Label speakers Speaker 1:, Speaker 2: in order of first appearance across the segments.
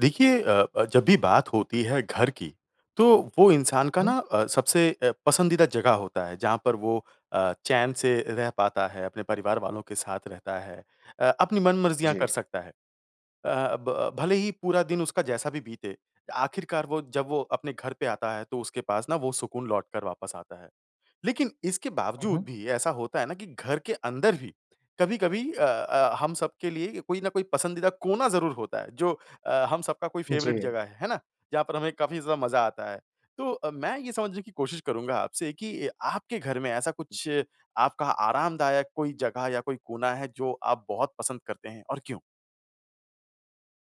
Speaker 1: देखिए अ अ, जब भी बात होती है घर की तो वो इंसान का ना
Speaker 2: हुँ।
Speaker 1: अ, सबसे अ, पसंदीदा जगह होता है जहाँ पर वो अ, चैन से रह पाता है। अपने परिवार वालों के साथ रहता है। अ, अपनी मनमर्ज़ियाँ कर
Speaker 2: जी।
Speaker 1: सकता है। अ, ब भले ही पूरा दिन उसका जैसा भी बीते आखिरकार वो जब वो अपने घर पे आता है तो उसके पास ना वो सुकून लौट कर वापस आता है। लेकिन इसके
Speaker 2: हुँ,
Speaker 1: बावज़ूद
Speaker 2: हुँ।
Speaker 1: भी ऐसा होता है ना, कि घर के अंदर ही कभी-कभी अ अ, हम सबके लिए कोई न कोई पसंदीदा कोना ज़रूर होता है जो अ, हम सबका कोई फ़ेवरेट
Speaker 2: जी।
Speaker 1: जगह है। है ना? जहाँ पर हमें काफ़ी ज़्यादा मज़ा आता है। तो अ, मैं ये समझने की कोशिश करूँगा आपसे कि आपके घर में ऐसा कुछ आपका आरामदायक कोई जगह या कोई कोना है जो आप बहुत पसंद करते हैं और क्यों?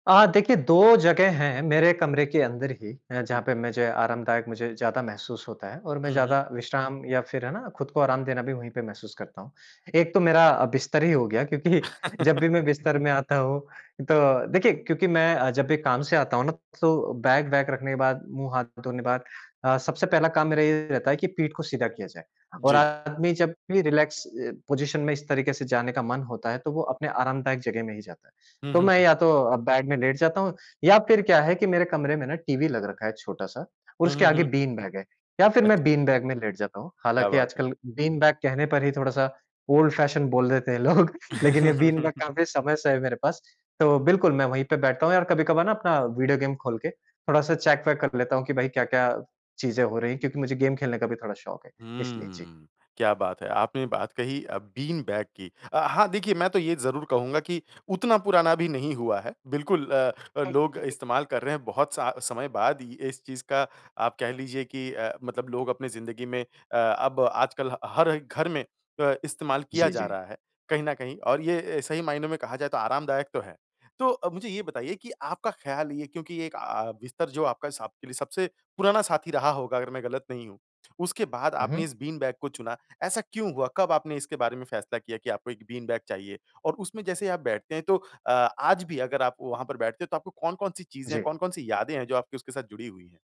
Speaker 2: अ, देखिए 2 जगह हैं मेरे कमरे के अंदर ही अ,
Speaker 1: उम
Speaker 2: जहाँ पे मुझे आरामदायक मुझे ज़्यादा महसूस होता है और मैं
Speaker 1: हुँ, हुँ।
Speaker 2: ज़्यादा विश्राम या फ़िर है ना, खुद को आराम देना भी वहीं पे महसूस करता हूँ। एक तो मेरा बिस्तर ही हो गया क्योंकि जब भी मैं बिस्तर में आता हूँ, तो देखिए क्योंकि मैं जब भी काम से आता हूँ ना, तो बैग-वैग रखने के बाद, मुँह-हाथ धोने बाद अ, सबसे पहला काम मेरा ये रहता है कि पीठ को सीधा किया जाए। और
Speaker 1: जी।
Speaker 2: आदमी जब भी रिलैक्स अ, पोज़िशन में इस तरीके से जाने का मन होता है तो वो अपने आरामदायक जगह में ही जाता है।
Speaker 1: हुँ,
Speaker 2: तो
Speaker 1: हुँ,
Speaker 2: मैं
Speaker 1: हुँ।
Speaker 2: या तो बेड में लेट जाता हूँ या फ़िर क्या है कि मेरे कमरे में ना टीवी लग रखा है छोटा-सा और
Speaker 1: हुँ,
Speaker 2: उसके
Speaker 1: हुँ,
Speaker 2: आगे
Speaker 1: हुँ।
Speaker 2: बीन बैग है। या फिर मैं
Speaker 1: अच्छा।
Speaker 2: बीन बैग में लेट जाता हूँ।
Speaker 1: क्या
Speaker 2: हालाँकि
Speaker 1: बात है।
Speaker 2: आजकल बीन बैग कहने पर ही थोड़ा-सा ओल्ड-फैशन बोल देते हैं लोग। लेकिन ये बीन बैग काफ़ी समय से है मेरे पास। तो बिल्कुल मैं वहीं पे बैठता हूँ और कभी-कभार ना अपना वीडियो गेम खोल के थोड़ा-सा चेक वेक कर लेता हूँ कि, भई क्या-क्या चीज़ें हो रही हैं क्योंकि मुझे गेम खेलने का भी थोड़ा शौक है। इसलिए जी।
Speaker 1: हुँ। क्या बात है! आपने ये बात कही अ, बीन बैग की। अ, हाँ, देखिए मैं तो ये ज़रूर कहूँगा कि उतना पुराना भी नहीं हुआ है। बिल्कुल अ, लोग
Speaker 2: [unintelligible]
Speaker 1: इस्तेमाल कर रहे हैं बहुत स समय बाद ही इस चीज़ का आप कह लीजिए कि अ, मतलब लोग अपनी ज़िंदगी में अ, अब आजकल ह हर घर में अ, इस्तेमाल किया
Speaker 2: जी,
Speaker 1: जा
Speaker 2: जी।
Speaker 1: रहा है। कहीं न कहीं और ये सही मायनों में कहा जाए तो आरामदायक तो है। तो मुझे ये बताइए कि आपका ख्याल ये क्योंकि एक अ, बिस्तर जो आपका स आपके लिए सबसे पुराना साथी रहा होगा अगर मैं गलत नहीं हूँ, उसके बाद आपने
Speaker 2: उहुँ।
Speaker 1: इस बीन बैग को चुना। ऐसा क्यों हुआ? कब आपने इसके बारे में फ़ैसला किया कि आपको 1 बीन बैग चाहिए और उसमें जैसे आप बैठते हैं तो अ, आज भी अगर आप वहाँ पर बैठते हो तो आपको कौन-कौन सी चीज़ें हैं,
Speaker 2: जी।
Speaker 1: कौन-कौन सी यादें हैं जो आपकी उसके साथ जुड़ी हुई हैं?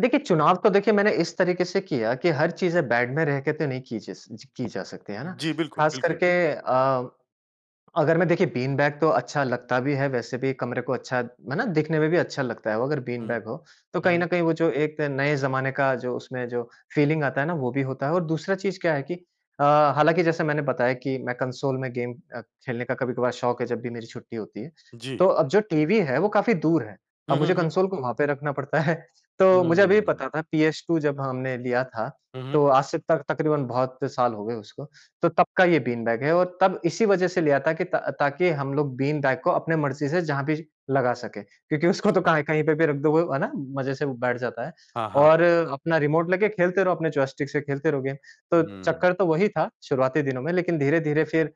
Speaker 2: देखिए, चुनाव तो देखिए मैंने इस तरीके से किया कि हर चीज़े बैग में रह के तो नहीं की जस ज की जा सकती, है ना?
Speaker 1: जी बिल्कुल,
Speaker 2: ख़ास
Speaker 1: बिल्कुल।
Speaker 2: करके अ, अगर मैं देखिए बीन बैग तो अच्छा लगता भी है वैसे भी कमरे को अच्छा है ना? देखने में भी अच्छा लगता है वो, अगर बीन
Speaker 1: हुँ।
Speaker 2: बैग हो। तो
Speaker 1: हुँ,
Speaker 2: कहीं
Speaker 1: हुँ।
Speaker 2: न कहीं, वो जो एक नए ज़माने का जो उसमें जो फ़ीलिंग आता है ना, वो भी होता है, और दूसरा चीज़ क्या है कि अ, हालाँकि जैसे मैंने बताया कि मैं कंसोल में गेम अ, खेलने का कभी-कभार शौक़ है जब भी मेरी छुट्टी होती है।
Speaker 1: जी।
Speaker 2: तो अब जो टीवी है, वो काफ़ी दूर है।
Speaker 1: हुँ,
Speaker 2: अब
Speaker 1: हुँ,
Speaker 2: मुझे
Speaker 1: हुँ।
Speaker 2: कंसोल को वहाँ पे रखना पड़ता है। तो मुझे अभी भी
Speaker 1: हुँ।
Speaker 2: पता था पीएस2 जब हमने लिया था,
Speaker 1: हुँ, हुँ।
Speaker 2: तो आज से तक तक़रीबन बहुत साल हो गए उसको। तो तब का ये बीन बैग है, और तब इसी वजह से लिया था कि ता ताकि हम लोग बीन बैग को अपने मर्ज़ी से जहाँ भी लगा सकें। क्योंकि उसको तो
Speaker 1: अच्छा।
Speaker 2: कहाँ इ कहीं पे भी रख दो, वो, है ना? मज़े से वो बैठ जाता है।
Speaker 1: हाँ, हाँ,
Speaker 2: और
Speaker 1: हाँ।
Speaker 2: अपना रिमोट लेके खेलते रहो, अपने जॉयस्टिक से खेलते रहो गेम। तो
Speaker 1: हुँ।
Speaker 2: चक्कर तो वही था शुरुआती दिनों में, लेकिन धीरे-धीरे फिर अ,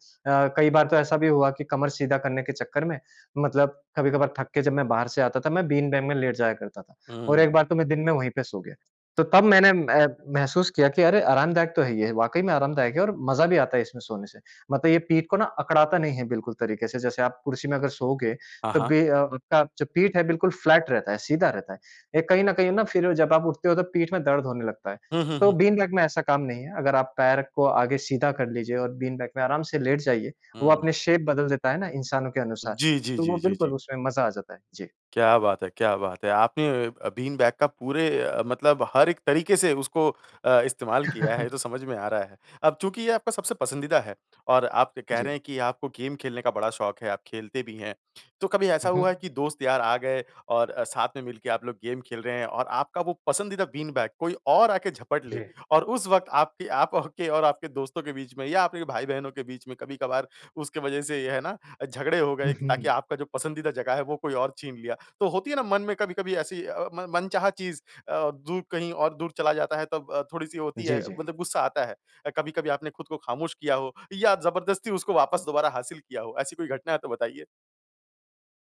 Speaker 2: कई बार तो ऐसा भी हुआ कि कमर सीधा करने के चक्कर में, मतलब कभी-कभार थक के जब मैं बाहर से आता था, मैं बीन बैग में लेट जाया करता था,
Speaker 1: हुँ,
Speaker 2: और
Speaker 1: हुँ,
Speaker 2: एक
Speaker 1: हुँ।
Speaker 2: बार तो मैं दिन में वहीं पे सो गया। तो तब मैंने ए महसूस किया कि अरे, आरामदायक तो है ये, वाक़ई में आरामदायक है, और मज़ा भी आता है इसमें सोने से। मतलब ये पीठ को ना अकड़ाता नहीं है बिल्कुल तरीके से, जैसे आप कुर्सी में अगर सोओगे,
Speaker 1: हाँ,
Speaker 2: तब
Speaker 1: हाँ।
Speaker 2: भी अ आपका जो पीठ है, बिल्कुल फ्लैट रहता है, सीधा रहता है। ये कहीं न कहीं ना, फिर जब आप उठते हो तो पीठ में दर्द होने लगता है।
Speaker 1: हुँ, हुँ,
Speaker 2: तो
Speaker 1: हुँ।
Speaker 2: बीन बैग में ऐसा काम नहीं है। अगर आप पैर को आगे सीधा कर लीजिए और बीन बैग में आराम से लेट जाइए, वो
Speaker 1: हुँ।
Speaker 2: अपनी शेप बदल देता है ना इंसानों के अनुसार,
Speaker 1: जी, जी,
Speaker 2: तो वो
Speaker 1: जी, जी,
Speaker 2: बिल्कुल
Speaker 1: जी।
Speaker 2: उसमें मज़ा आ जाता है। जी।
Speaker 1: क्या बात है, क्या बात है! आपने अ अ, बीन बैग का पूरे अ, मतलब हर एक तरीके से उसको अ, इस्तेमाल किया है, ये तो समझ में आ रहा है। अब चूँकि ये आपका सबसे पसंदीदा है, और आप के कह रहे
Speaker 2: जी।
Speaker 1: हैं कि आपको गेम खेलने का बड़ा शौक़ है, आप खेलते भी हैं। तो कभी ऐसा
Speaker 2: हुँ,
Speaker 1: हुआ है
Speaker 2: हुँ।
Speaker 1: कि दोस्त-यार आ गए और अ, साथ में मिलके आप लोग गेम खेल रहे हैं, और आपका वो पसंदीदा बीन बैग कोई और आ के झपट ले,
Speaker 2: जी।
Speaker 1: और उस वक़्त आपके आप औ के और आपके दोस्तों के बीच में, या आपके भाई-बहनों के बीच में कभी-कभार उसके वजह से ये है ना अ, झगड़े हो गए
Speaker 2: हुँ,
Speaker 1: ताकि
Speaker 2: हुँ।
Speaker 1: आपका जो पसंदीदा जगह है, वो कोई और छीन लिया? तो होती है ना मन में कभी-कभी ऐसी अ अ, मन मनचाहा चीज़ अ, दूर कहीं और दूर चला जाता है, तब थोड़ी-सी होती
Speaker 2: जी,
Speaker 1: है,
Speaker 2: जी।
Speaker 1: मतलब गुस्सा आता है। अ, कभी-कभी आपने ख़ुद को ख़ामोश किया हो, या जबरदस्ती उसको वापस दोबारा हासिल किया हो, ऐसी कोई घटना है तो बताइए।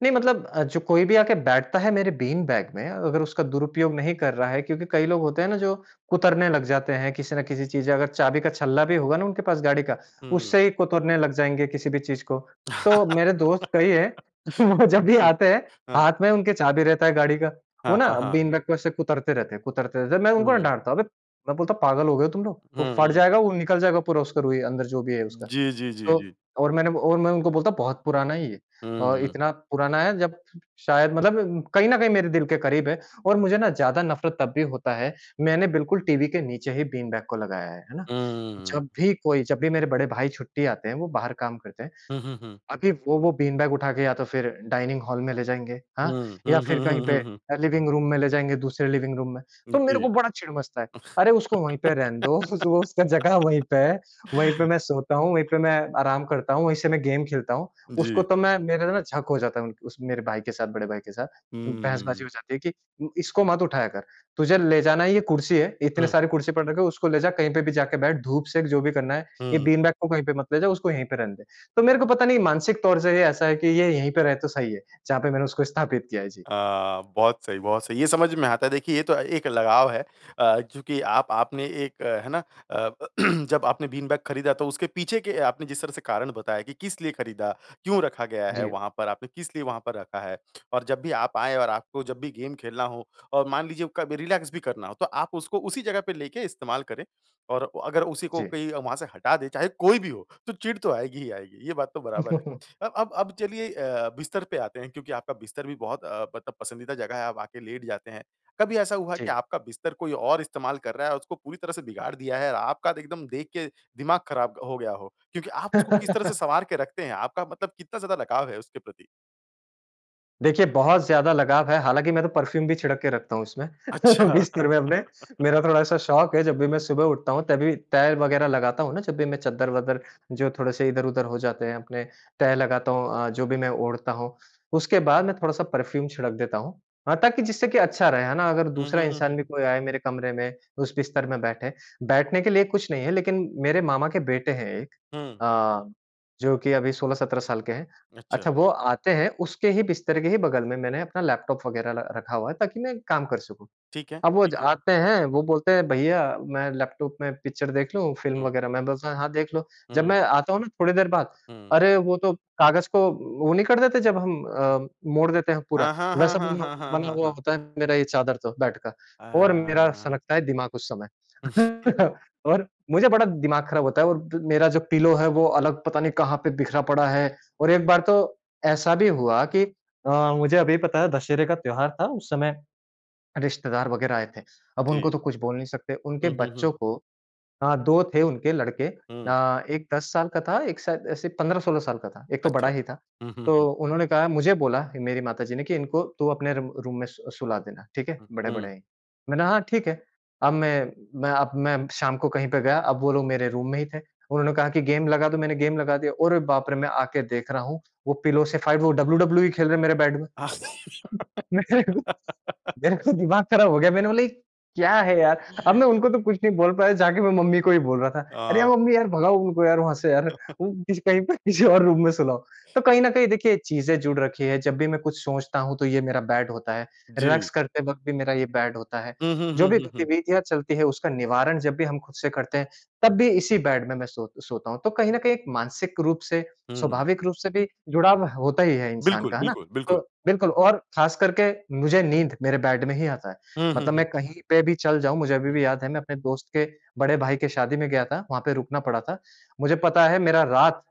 Speaker 2: नहीं मतलब अ, जो कोई भी आके बैठता है मेरे बीन बैग में अगर उसका दुरुपयोग नहीं कर रहा है क्योंकि कई लोग होते हैं ना, जो कुतरने लग जाते हैं किसी न किसी चीज़ से अगर चाबी का छल्ला भी होगा ना, उनके पास गाड़ी का
Speaker 1: हुँ।
Speaker 2: उससे ही कुतरने लग जाएँगे किसी भी चीज़ को। तो मेरे दोस्त कई है वो जब भी
Speaker 1: जी।
Speaker 2: आते हैं
Speaker 1: हाँ।
Speaker 2: हाथ में उनके चाबी रहता है गाड़ी का। वो
Speaker 1: हाँ,
Speaker 2: ना
Speaker 1: हाँ, हाँ।
Speaker 2: बीन बैग को ऐसे कुतरते रहते हैं कुतरते रहते हैं। मैं उनको
Speaker 1: हुँ।
Speaker 2: डाँटता हूँ, "अबे! मैं बोलता हूँ पागल हो गए हो तुम लोग? वोह
Speaker 1: हुँ,
Speaker 2: फट
Speaker 1: हुँ।
Speaker 2: जाएगा, वो निकल जाएगा पूरा उसका रूई अंदर जो भी है उसका।"
Speaker 1: जी, जी, जी,
Speaker 2: तो
Speaker 1: जी।
Speaker 2: और मैंने वो और मैं उनको बोलता बहुत पुराना है ये।
Speaker 1: हुँ,
Speaker 2: अ,
Speaker 1: हुँ।
Speaker 2: इतना पुराना है जब शायद मतलब कहीं न कहीं मेरे दिल के करीब है और मुझे ना, ज़्यादा नफ़रत तब भी होता है, मैंने बिल्कुल टीवी के नीचे ही बीन बैग को लगाया है। है ना?
Speaker 1: हुँ, हुँ, हुँ।
Speaker 2: जब भी कोई जब भी मेरे बड़े भाई छुट्टी आते हैं वो बाहर काम करते हैं।
Speaker 1: हुँ, हुँ, हुँ।
Speaker 2: अभी वो वो बीन बैग उठा के या तो फिर डाइनिंग हॉल में ले जाएँगे
Speaker 1: हुँ,
Speaker 2: हाँ, या
Speaker 1: हुँ,
Speaker 2: फिर
Speaker 1: हुँ,
Speaker 2: कहीं
Speaker 1: हुँ,
Speaker 2: पे
Speaker 1: हुँ, हुँ।
Speaker 2: अ, लिविंग रूम में ले जाएँगे दूसरे लिविंग रूम में। तो
Speaker 1: जी।
Speaker 2: मेरे को बड़ा चिढ़ मचता है। अरे उसको वहीं पे रहने दो उसका जगह वहीं पे है, वहीं पे मैं सोता हूँ, वहीं पे मैं आराम करता हूँ, वहीं से मैं गेम खेलता हूँ। उसको
Speaker 1: जी।
Speaker 2: तो मैं मेरा ना झक हो जाता है उन उस मेरे भाई के साथ बड़े भाई के साथ।
Speaker 1: हुँ, हुँ,
Speaker 2: बहसबाज़ी
Speaker 1: हुँ।
Speaker 2: हो जाती है कि उम, इसको मत उठाया कर। तुझे ले जाना है ये कुर्सी है। इतने
Speaker 1: हुँ।
Speaker 2: सारे कुर्सी पड़ रखे उसको ले जा कहीं पे भी जाके बैठ धूप सेक जो भी करना है। ये
Speaker 1: हुँ।
Speaker 2: बीन बैग को कहीं पे मत ले जा उसको यहीं पे रहने दे। तो मेरे को पता नहीं मानसिक तौर से ये ऐसा है कि ये यहीं पे रहे तो सही है। जहाँ पे मैंने उसको स्थापित किया है। जी।
Speaker 1: अ, बहुत सही बहुत सही। ये समझ में आता है। देखिए ये तो एक लगाव है अ, क्योंकि आप आपने एक अ, है ना? अ, जब आपने बीन बैग खरीदा तो उसके पीछे के आपने जिस तरह से कारण बताया कि किस लिए खरीदा, क्यों रखा गया है
Speaker 2: जी।
Speaker 1: वहाँ पर आपने, किस लिए वहाँ पर रखा है और जब भी आप आए और आपको जब भी गेम खेलना हो और मान लीजिए कभी रिलैक्स भी करना हो तो आप उसको उसी जगह पे लेके इस्तेमाल करें और अगर उसी को
Speaker 2: जी।
Speaker 1: कोई वहाँ से हटा दे चाहे कोई भी हो तो चिढ़ तो आएगी ही आएगी। ये बात तो बराबर है। अ अब अब चलिए अ, बिस्तर पे आते हैं क्योंकि आपका बिस्तर भी बहुत अ, मतलब पसंदीदा जगह है आप आके लेट जाते हैं। कभी ऐसा हुआ कि
Speaker 2: जी।
Speaker 1: आपका बिस्तर कोई और इस्तेमाल कर रहा है और उसको पूरी तरह से बिगाड़ दिया है और आपका द एकदम देख के दिमाग ख़राब ग हो गया हो। क्योंकि आप उसको किस तरह से सवार के रखते हैं? आपका मतलब कितना ज़्यादा लगाव है उसके प्रति?
Speaker 2: देखिए बहुत ज़्यादा लगाव है। हालाँकि मैं तो परफ्यूम भी छिड़क के रखता हूँ इसमें
Speaker 1: अच्छा।
Speaker 2: बिस्तर में अपने। मेरा थोड़ा-सा शौक है जब भी मैं सुबह उठता हूँ तभी तह वगैरह लगाता हूँ ना, जब भी मैं चद्दर-वद्दर जो थोड़े-से इधर-उधर हो जाते हैं अपने तह लगाता हूँ अ, जो भी मैं ओढ़ता हूँ। उसके बाद मैं थोड़ा-सा परफ्यूम छिड़क देता हूँ। हाँ ताकि जिससे कि अच्छा रहे है ना? अगर
Speaker 1: हुँ,
Speaker 2: दूसरा
Speaker 1: हुँ, हुँ, हुँ।
Speaker 2: इंसान भी कोई आए मेरे कमरे में उस बिस्तर में बैठे, बैठने के लिए कुछ नहीं है लेकिन मेरे मामा के बेटे हैं एक।
Speaker 1: हुँ।
Speaker 2: अ, जो कि अभी 16-17 साल के हैं। अच्छा
Speaker 1: अच्छा।
Speaker 2: वो आते हैं उसके ही बिस्तर के ही बगल में मैंने अपना लैपटॉप वगैरह र रखा हुआ है ताकि मैं काम कर सकूँ।
Speaker 1: ठीक है,
Speaker 2: अब वो ज
Speaker 1: ठीक है।
Speaker 2: आते हैं वो बोलते हैं, "भईया मैं लैपटॉप में पिक्चर देख लूँ फ़िल्म
Speaker 1: हुँ।
Speaker 2: वगैरह?" मैं बोलता हूँ, हाँ देख लो। जब
Speaker 1: हुँ।
Speaker 2: मैं आता हूँ ना थोड़ी देर बाद
Speaker 1: हुँ।
Speaker 2: अरे वो तो कागज को वो नहीं कर देते जब हम अ, मोड़ देते हैं पूरा
Speaker 1: हाँ, हाँ, हाँ,
Speaker 2: वैसा
Speaker 1: हाँ,
Speaker 2: बना
Speaker 1: हाँ, हाँ,
Speaker 2: बना
Speaker 1: हाँ,
Speaker 2: हुआ
Speaker 1: हाँ।
Speaker 2: होता है मेरा ये चादर तो बेड का,
Speaker 1: अ,
Speaker 2: और मेरा
Speaker 1: म।
Speaker 2: सनकता है दिमाग उस समय।
Speaker 1: हुँ।
Speaker 2: और मुझे बड़ा दिमाग खराब होता है और मेरा जो पिलो है वो अलग पता नहीं कहाँ पे बिखरा पड़ा है। और एक बार तो ऐसा भी हुआ कि अ, मुझे अभी पता है दशहरे का त्योहार था उस समय रिश्तेदार वगैरह आए थे। अब उनको
Speaker 1: जी।
Speaker 2: तो कुछ बोल नहीं सकते। उनके
Speaker 1: हुँ, हुँ, हुँ।
Speaker 2: बच्चों को, हाँ 2 थे उनके लड़के,
Speaker 1: हुँ।
Speaker 2: अ, एक 10 साल का था, एक शायद ऐसे 15-16 साल का था, एक तो बड़ा
Speaker 1: अच्छा।
Speaker 2: ही था।
Speaker 1: हुँ, हुँ,
Speaker 2: तो
Speaker 1: हुँ।
Speaker 2: उन्होंने कहा, मुझे बोला ही मेरी माताजी ने कि इनको तू अपने रू रूम में सु सुला देना, ठीक है?
Speaker 1: हुँ, हुँ।
Speaker 2: बड़े-बड़े हैं। मैंने हाँ ठीक है। अब मैं मैं अब मैं शाम को कहीं पे गया। अब वो लोग मेरे रूम में ही थे। उन्होंने कहा कि गेम लगा दो मैंने गेम लगा दिया। अरे बाप रे! मैं आके देख रहा हूँ। वो पिलो से फ़ाइट वो WWE खेल रहे हैं मेरे बेड में। मेरे को दिमाग खराब हो गया। मैंने बोला ये क्या है यार? अब मैं उनको तो कुछ नहीं बोल पाया जाके मैं मम्मी को ही बोल रहा था। अरे यार
Speaker 1: अ।
Speaker 2: मम्मी यार भगाओ उनको यार वहाँ से यार। वो कहीं पे किसी और रूम में सुलाओ। तो कहीं न कहीं देखिए चीज़ें जुड़ रखी हैं। जब भी मैं कुछ सोचता हूँ तो ये मेरा बेड होता है,
Speaker 1: जी।
Speaker 2: रिलैक्स करते वक़्त भी मेरा ये बेड होता है।
Speaker 1: हुँ, हुँ,
Speaker 2: जो
Speaker 1: हुँ,
Speaker 2: भी
Speaker 1: हुँ, हुँ।
Speaker 2: गतिविधियाँ चलती हैं उसका निवारण जब भी हम खुद से करते हैं, तब भी इसी बेड में मैं सो सोता हूँ। तो कहीं न कहीं एक मानसिक रूप से,
Speaker 1: हुँ।
Speaker 2: स्वाभाविक रूप से भी जुड़ाव होता ही है इंसान
Speaker 1: बिल्कुल,
Speaker 2: का, है ना?
Speaker 1: बिल्कुल,
Speaker 2: तो
Speaker 1: बिल्कुल।
Speaker 2: बिल्कुल, और खास करके मुझे नींद मेरे बेड में ही आता है।
Speaker 1: हुँ, हुँ,
Speaker 2: मतलब मैं
Speaker 1: हुँ।
Speaker 2: कहीं पे भी चल जाऊँ, मुझे अभी
Speaker 1: हुँ।
Speaker 2: भी याद है मैं अपने दोस्त के बड़े भाई के शादी में गया था, वहाँ पे रुकना पड़ा था। मुझे पता है मेरा रात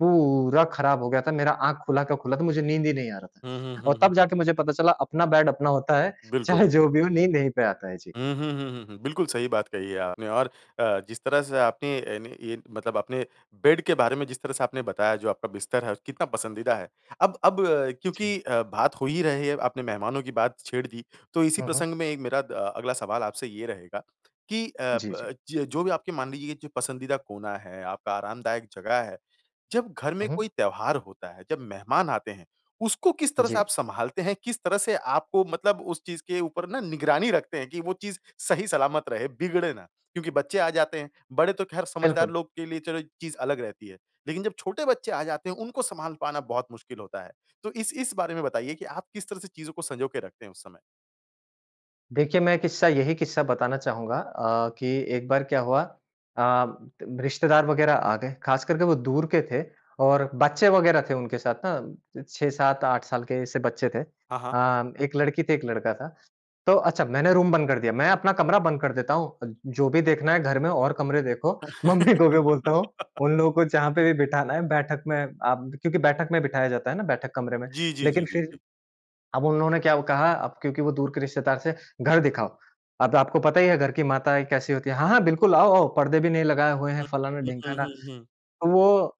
Speaker 2: पूरा खराब हो गया था। मेरा आँख खुला का खुला था, मुझे नींद ही नहीं आ रहा
Speaker 1: हुँ, हुँ,
Speaker 2: था। और
Speaker 1: हुँ, हुँ।
Speaker 2: तब जाके मुझे पता चला अपना बेड अपना होता है।
Speaker 1: बिल्कुल।
Speaker 2: चाहे जो भी हो नींद यहीं पे आता है। जी।
Speaker 1: हुँ, हुँ, हुँ, हुँ, हुँ। बिल्कुल सही बात कही है आपने और अ, जिस तरह से आपने अ, अन मतलब आपने बेड के बारे में जिस तरह से आपने बताया जो आपका बिस्तर है और कितना पसंदीदा है। अब अब क्योंकि
Speaker 2: जी।
Speaker 1: अ, बात हो ही रही है आपने मेहमानों की बात छेड़ दी। तो इसी
Speaker 2: हुँ, हुँ।
Speaker 1: प्रसंग में एक मेरा अ, अगला सवाल आपसे ये रहेगा कि अ,
Speaker 2: जी, जी।
Speaker 1: ब जो भी आपके मान लीजिए जो पसंदीदा कोना है, आपका आरामदायक जगह है। जब घर में
Speaker 2: हुँ, हुँ।
Speaker 1: कोई त्योहार होता है, जब मेहमान आते हैं उसको किस तरह से आप
Speaker 2: जी।
Speaker 1: सँभालते हैं, किस तरह से आपको मतलब उस चीज़ के ऊपर ना निगरानी रखते हैं कि वो चीज़ सही सलामत रहे, बिगड़े ना। क्योंकि बच्चे आ जाते हैं, बड़े तो खैर समझदार
Speaker 2: बिल्कुल।
Speaker 1: लोग के लिए चलो ये चीज़ अलग रहती है, लेकिन जब छोटे बच्चे आ जाते हैं उनको सँभाल पाना बहुत मुश्किल होता है। तो इस इस बारे में बताइए कि आप किस तरह से चीज़ों को संजो के रखते हैं उस समय?
Speaker 2: देखिए मैं एक क़िस्सा यही क़िस्सा बताना चाहूँगा अ, कि एक बार क्या हुआ अ, रिश्तेदार वग़ैरह आ गए, ख़ास करके वो दूर के थे और बच्चे वग़ैरह थे उनके साथ ना, 6-7-8 साल के जैसे बच्चे थे। अ,
Speaker 1: हाँ, हाँ।
Speaker 2: एक लड़की थी एक लड़का था। तो अच्छा मैंने रूम बंद कर दिया, मैं अपना कमरा बंद कर देता हूँ, जो भी देखना है घर में और कमरे देखो मम्मी को भी बोलता हूँ उन लोगों को जहाँ पे भी बिठाना है बैठक में आप क्योंकि बैठक में बिठाया जाता है ना बैठक कमरे में
Speaker 1: जी, जी,
Speaker 2: लेकिन
Speaker 1: जी, जी,
Speaker 2: फ़िर
Speaker 1: जी।
Speaker 2: अब उन्होंने क्या अब कहा, अब क्योंकि वो दूर के रिश्तेदार थे, घर दिखाओ। अ आपको पता ही है घर की माताएँ कैसी होती है? हाँ, हाँ बिल्कुल आओ-आओ, परदे भी नहीं लगाए हुए हैं,
Speaker 1: हुँ,
Speaker 2: फ़लाना
Speaker 1: हुँ, हुँ,
Speaker 2: ढिमकाना,
Speaker 1: हुँ, हुँ।
Speaker 2: तो वो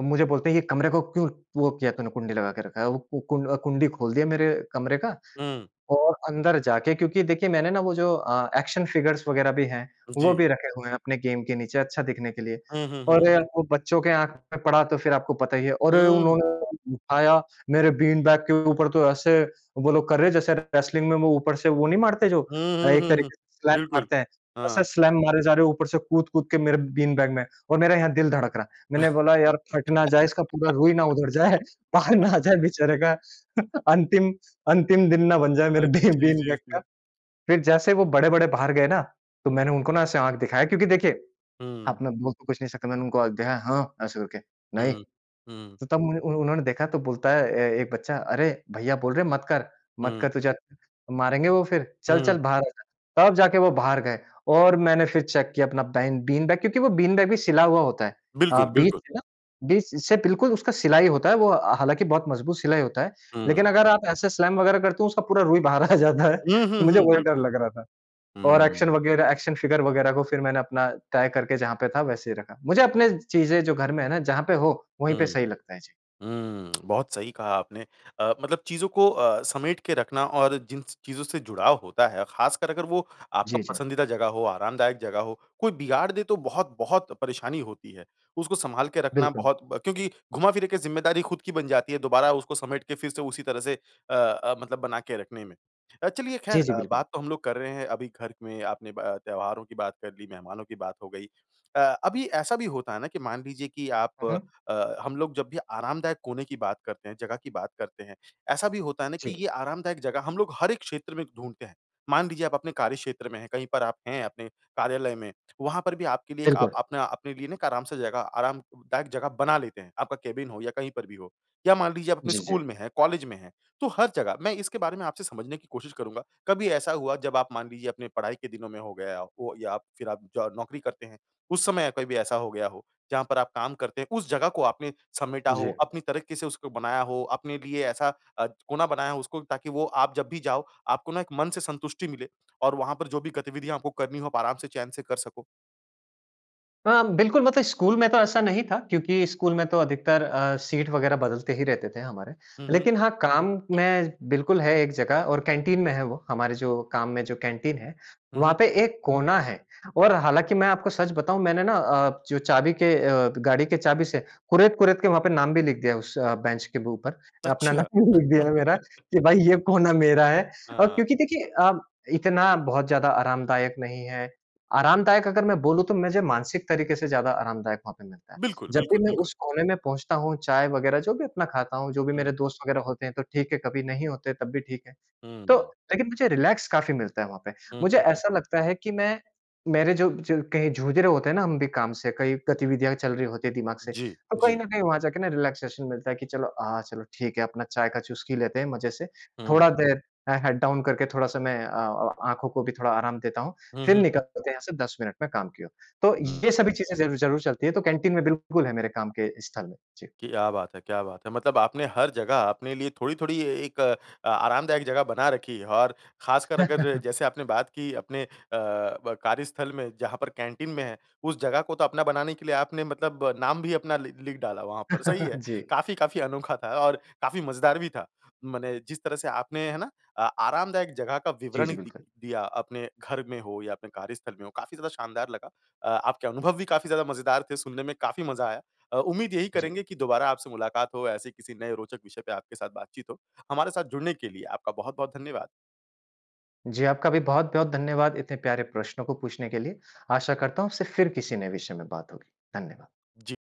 Speaker 2: मुझे बोलते हैं कि कमरे को क्यों वो किया तूने कुंडी लगा के रखा है, वो कुं कुंडी खोल दिया मेरे कमरे का।
Speaker 1: हुँ।
Speaker 2: और अंदर जाके क्योंकि देखिए मैंने ना वो जो अ, एक्शन फ़िगर्स वग़ैरह भी हैं वो
Speaker 1: जी।
Speaker 2: भी रखे हुए हैं अपने गेम के नीचे अच्छा दिखने के लिए।
Speaker 1: हुँ, हुँ,
Speaker 2: और
Speaker 1: हुँ।
Speaker 2: वो बच्चों के आँख में पड़ा तो फ़िर आपको पता ही है। और
Speaker 1: हुँ।
Speaker 2: उन्होंने उठाया मेरे बीन बैग के ऊपर तो ऐसे वो लोग कर रहे हैं जैसे रेसलिंग में वो ऊपर से वो नहीं मारते जो
Speaker 1: हुँ, हुँ,
Speaker 2: एक
Speaker 1: हुँ, हुँ।
Speaker 2: तरीके से स्लैम
Speaker 1: बिल्कुल,
Speaker 2: मारते हैं। ऐसे
Speaker 1: हाँ।
Speaker 2: स्लैम मारे जा रहे हैं ऊपर से कूद-कूद के मेरे बीन बैग में और मेरा यहाँ दिल धड़क रहा है। मैंने बोला यार फट ना जाए इसका पूरा रुई ना उधड़ जाए, बाहर ना आ जाए बेचारे का अंतिम, अंतिम दिन ना बन जाए
Speaker 1: अ,
Speaker 2: मेरे बी
Speaker 1: जी,
Speaker 2: बीन
Speaker 1: जी,
Speaker 2: बैग का।
Speaker 1: जी।
Speaker 2: फ़िर जैसे वो बड़े-बड़े बाहर गए ना तो मैंने उनको ना ऐसे आँख दिखाया क्योंकि देखिए अब
Speaker 1: हुँ।
Speaker 2: मैं बोल तो कुछ नहीं सका मैंने उनको आँख दिखाया हाँ ऐसे करके, नहीं!
Speaker 1: हुँ,
Speaker 2: तो
Speaker 1: हुँ।
Speaker 2: तब मु उन-उन्होंने देखा तो बोलता है ए-एक बच्चा, "अरे! भईया बोल रहे मत कर मत
Speaker 1: हुँ।
Speaker 2: कर तुझे मारेंगे वो फ़िर,
Speaker 1: हुँ।
Speaker 2: चल-चल बाहर आ जा।" तब जाके वो बाहर गए और मैंने फ़िर चेक किया अपना बेन बीन बैग क्योंकि वो बीन बैग भी सिला हुआ होता है अ,
Speaker 1: बिल्कुल,
Speaker 2: बीच
Speaker 1: बिल्कुल।
Speaker 2: से ना, बीच से बिल्कुल उसका सिलाई होता है, वो अ, हालाँकि बहुत मज़बूत सिलाई होता है। लेकिन
Speaker 1: हुँ।
Speaker 2: अगर आप ऐसे स्लैम वग़ैरह करते हो उसका पूरा रुई बाहर आ जाता है।
Speaker 1: हुँ, हुँ,
Speaker 2: मुझे
Speaker 1: हुँ।
Speaker 2: वही डर
Speaker 1: बिल्कुल।
Speaker 2: लग रहा था। और एक्शन
Speaker 1: हुँ।
Speaker 2: वग़ैरह, एक्शन फ़िगर वग़ैरह को फ़िर मैंने अपना तय करके जहाँ पे था वैसे ही रखा। मुझे अपने चीज़ें जो घर में है ना जहाँ पे हो वहीं पे
Speaker 1: हुँ।
Speaker 2: सही लगता है। जी।
Speaker 1: हुँ बहुत सही कहा आपने अ, मतलब चीज़ों को अ, समेट के रखना और जिन स चीज़ों से जुड़ाव होता है ख़ासकर अगर वो आपका
Speaker 2: जी, जी।
Speaker 1: पसंदीदा जगह हो, आरामदायक जगह हो कोई बिगाड़ दे तो बहुत-बहुत परेशानी होती है। उसको संभाल के रखना
Speaker 2: बिल्कुल।
Speaker 1: बहुत ब क्योंकि घुमा-फ़िरा के ज़िम्मेदारी खुद की बन जाती है दोबारा उसको समेट के फ़िर से उसी तरह से अ-अ, मतलब बना के रखने में। अ, चलिए खैर
Speaker 2: जी, जी
Speaker 1: अ,
Speaker 2: बिल्कुल।
Speaker 1: बात तो हम लोग कर रहे हैं अभी घर में आपने ब अ, त्योहारों की बात कर ली, मेहमानों की बात हो गई। अ, अभी ऐसा भी होता है ना कि मान लीजिए कि आप
Speaker 2: हुँ, हुँ।
Speaker 1: अ, हम लोग जब भी आरामदायक कोने की बात करते हैं, जगह की बात करते हैं। ऐसा भी होता है ना कि
Speaker 2: जी।
Speaker 1: ये आरामदायक जगह हम लोग हर एक क्षेत्र में ढूँढते हैं। मान लीजिए आप अपने कार्यक्षेत्र में हैं, कहीं पर आप हैं अपने कार्यालय में वहाँ पर भी आपके लिए एक आप
Speaker 2: बिल्कुल।
Speaker 1: अपने अपने लिए ना आराम से जगह आरामदायक जगह बना लेते हैं। आपका केबिन हो या कहीं पर भी हो। या मान लीजिए आप अपने
Speaker 2: जी,
Speaker 1: स्कूल
Speaker 2: जी।
Speaker 1: में हैं, कॉलेज में हैं तो हर जगह मैं इसके बारे में आपसे समझने की कोशिश करूँगा। कभी ऐसा हुआ जब आप मान लीजिए अपने पढ़ाई के दिनों में हो गया हो या फ़िर आप जॉ नौकरी करते हैं उस समय कभी भी ऐसा हो गया हो? जहाँ पर आप काम करते हैं, उस जगह को आपने समेटा हो,
Speaker 2: जी।
Speaker 1: अपनी तरक्की से उसको बनाया हो, अपने लिए ऐसा अ, कोना बनाया उसको ताकि वो आप जब भी जाओ, आपको ना एक मन से संतुष्टि मिले और वहाँ पर जो भी गतिविधियाँ आपको करनी हों, आप आराम से चैन से कर सको?
Speaker 2: हाँ, बिल्कुल मतलब स्कूल में तो ऐसा नहीं था, क्योंकि स्कूल में तो अधिकतर अ, सीट वगैरह बदलते ही रहते थे हमारे।
Speaker 1: हुँ, हुँ।
Speaker 2: लेकिन हाँ काम में बिल्कुल है एक जगह और कैंटीन में है वो। हमारे जो काम में जो कैंटीन है,
Speaker 1: हुँ,
Speaker 2: वहाँ
Speaker 1: हुँ।
Speaker 2: पे एक कोना है और हालाँकि मैं आपको सच बताऊँ मैंने ना अ, जो चाबी के अ, गाड़ी के चाबी से कुरेद-कुरेद के वहाँ पे नाम भी लिख दिया है उस अ, बेंच के ऊपर। अपना
Speaker 1: अच्छा।
Speaker 2: नाम लिख दिया है मेरा कि भाई ये कोना मेरा है। और
Speaker 1: हाँ।
Speaker 2: क्योंकि देखिए अब इतना बहुत ज़्यादा आरामदायक नहीं है। आरामदायक अगर मैं बोलूँ तो मझे मानसिक तरीके से ज़्यादा आरामदायक वहाँ पे मिलता है।
Speaker 1: बिल्कुल,
Speaker 2: जब भी
Speaker 1: बिल्कुल,
Speaker 2: मैं
Speaker 1: बिल्कुल।
Speaker 2: उस कोने में पहुँचता हूँ, चाय वगैरह जो भी अपना खाता हूँ, जो भी मेरे
Speaker 1: हुँ।
Speaker 2: दोस्त वगैरह होते हैं तो ठीक है कभी नहीं होते तब भी ठीक है। तो
Speaker 1: हुँ।
Speaker 2: लेकिन मुझे रिलैक्स काफ़ी मिलता है वहाँ पे।
Speaker 1: हुँ,
Speaker 2: मुझे
Speaker 1: हुँ, हुँ।
Speaker 2: ऐसा लगता है कि मैं मेरे जो जो कहीं जूझ रहे होते हैं ना हम भी काम से, कई गतिविधियाँ चल रही होती है दिमाग से।
Speaker 1: जी,
Speaker 2: तो कहीं
Speaker 1: जी।
Speaker 2: न कहीं वहाँ जाके ना रिलैक्सेशन मिलता है कि चलो हाँ चलो ठीक है अपना चाय का चुस्की लेते हैं मज़े से।
Speaker 1: हुँ।
Speaker 2: थोड़ा देर ए हेड डाउन करके थोड़ा-सा मैं अ अ आँखों को भी थोड़ा आराम देता हूँ।
Speaker 1: हुँ,
Speaker 2: फिर
Speaker 1: हुँ, हुँ।
Speaker 2: निकलते हैं यहाँ से 10 मिनट में काम की ओर। तो ये
Speaker 1: हुँ।
Speaker 2: सभी चीज़ें ज़रूर-ज़रूर चलती हैं। तो कैंटीन में बिल्कुल है मेरे काम के स्थल में जी।
Speaker 1: क्या बात है! क्या बात है! मतलब आपने हर जगह आपने लिए थोड़ी-थोड़ी एक अ, आरामदायक जगह बना रखी है। और खासकर अगर जैसे आपने बात की अपने अ, ब कार्यस्थल में जहाँ पर कैंटीन में है उस जगह को तो अपना बनाने के लिए आपने मतलब नाम भी अपना लि लिख डाला वहाँ पर, सही है।
Speaker 2: जी।
Speaker 1: काफ़ी-काफ़ी अनोखा था और काफ़ी मजेदार भी था। मने जिस तरह से आपने है ना? अ, आरामदायक जगह का
Speaker 2: जी,
Speaker 1: विवरण
Speaker 2: जी
Speaker 1: दि
Speaker 2: बिल्कुल।
Speaker 1: दिया अपने घर में हो या अपने कार्यस्थल में हो, काफ़ी ज़्यादा शानदार लगा। अ, आपके अनुभव भी काफ़ी ज़्यादा मजेदार थे, सुनने में काफ़ी मज़ा आया। अ, उम्मीद यही
Speaker 2: जी।
Speaker 1: करेंगे की दोबारा आपसे मुलाकात हो, ऐसे किसी नए रोचक विषय पे आपके साथ बातचीत हो। हमारे साथ जुड़ने के लिए आपका बहुत-बहुत धन्यवाद।
Speaker 2: जी आपका भी बहुत-बहुत धन्यवाद इतने प्यारे प्रश्नों को पूछने के लिए। आशा करता हूँ सिर फिर किसी नए विषय में बात होगी, धन्यवाद।
Speaker 1: जी।